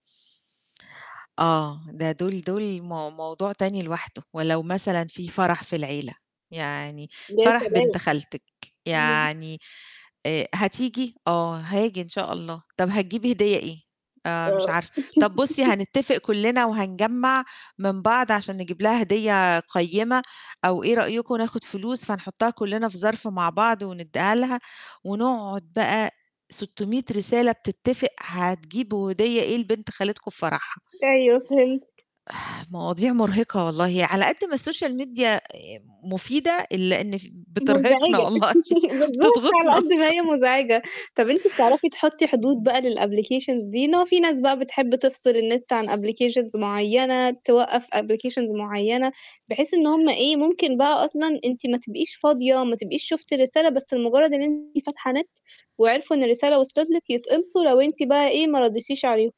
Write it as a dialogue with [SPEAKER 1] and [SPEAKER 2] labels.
[SPEAKER 1] آه، ده دول دول مو موضوع تاني لوحده، ولو مثلًا في فَرَح في العيلة، يعني
[SPEAKER 2] يا
[SPEAKER 1] فَرَح بنت
[SPEAKER 2] سلام.
[SPEAKER 1] خالتِك،
[SPEAKER 2] إمم.
[SPEAKER 1] يعني آآ، هتيجي؟ آه هاجي إن شاء الله. طَب هتجيبي هدية إيه؟ آآ،
[SPEAKER 2] آه.
[SPEAKER 1] مش عارفة، طَب بُصّي هنتفق كلّنا وهنجمّع من بعض عشان نجيب لها هدية قيّمة أو إيه رأيكم ناخد فلوس فنحطّها كلّنا في ظَرف مع بعض وندّيها لها، ونقعد بقى 600 رسالة بتتفق هتجيبوا هدية إيه لبنت خالتكم في فَرَحها.
[SPEAKER 2] أيوه، فهمتِك.
[SPEAKER 1] مواضيع مرهقة والله، على قد ما الSocial media مفيدة إلّا إن ف بترهقنا
[SPEAKER 2] مزعجة
[SPEAKER 1] والله
[SPEAKER 2] بالضبط على
[SPEAKER 1] بتضغطنا.
[SPEAKER 2] قد ما هي مزعجة طَب أنت بتعرفي تحطّي حدود
[SPEAKER 1] [unintelligible]
[SPEAKER 2] بقى للapplications دي إن هو في ناس بقى بتحب تفصِل النت عن applications معيّنة توقّف applications معيّنة بحيث إن هُم إيه، ممكن بقى أصلًا أنتِ ما تبقيش فاضية ما تبقيش شُفتي الرسالة بس لمجرّد إن أنتِ فاتحة نت، وعرفوا إن الرسالة وصلِت لِك يتقمصوا لو أنتِ بقى إيه ما رديتيش عليهم.